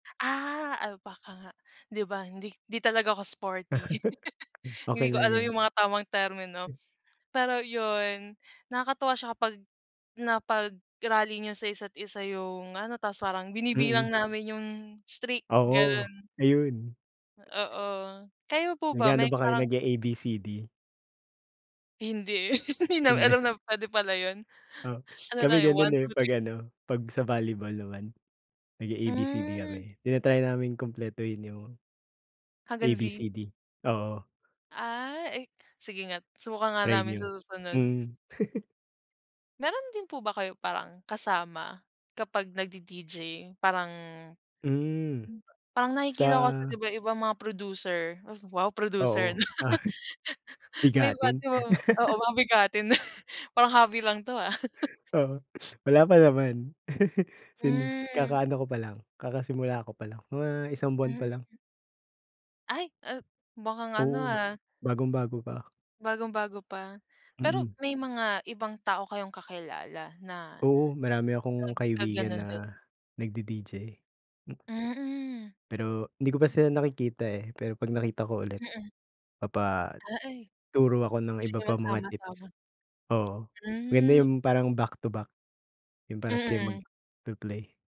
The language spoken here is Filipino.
Ah. Ah, baka nga. 'Di ba, hindi hindi talaga ako sporty. Okay Hindi ko lang alam 'yan. 'yong mga tamang termino. M Pero 'yon, nakakatuwa siya kapag na pag-rally niyo sa isa't isa 'yong ano, tapos parang binibilang Mm. namin 'yong streak, Oo, gano'n. ayun. Oo. Kayo po ba, Nag-aano may ba kayo, parang nag-e-ABCD Hindi, eh. Hindi namin Hindi? alam na puwede pala 'yon. O, Ano lang, kami eh, gano'n, eh. 1-2-3. Pag-ano, pag sa volleyball naman. nag-e-ABCD Hmm. kami, tinatry naming kumpletuhin 'yong Hanngang Z. ABCD, oo. Ah, eh, sige nga, subukan nga Try namin sa niyo. susunod. Hmm. Meron din po ba kayo parang, kasama kapag nagdi-DJ? Parang, Hmm. hmm, ba parang nakikita ko kasi, Sa 'di ba, 'yong ibang mga producer, wow, producer na, Oo. Ahi may iba't Bigatin. ibang oo, mga bigatin, parang hobby lang 'to, ah. Oo, wala pa naman. Since, Hmm. kaka-ano ko pa lang, kakasimula ko pa lang. Mga isang buwan pa Mhm. lang. Ay, ah, mukang ano, Oo. ah Bagong-bago pa. bagong-bago pa. Pero, Mm. may mga ibang tao kayong kakilala na, Oo, marami akong kaibigan nagkagano'n din? na, nagdi-DJ. Mm. Pero, 'di ko pa sila nakikita, eh. Pero pag nakita ko ulit, Mm. papa Ah, ay turo ako ng gusto iba niyo pang mga magsama-sama. tips. Oo, maganda Hmm. 'yong parang back to back. 'Yong parehas kayong Mm. magpi-play.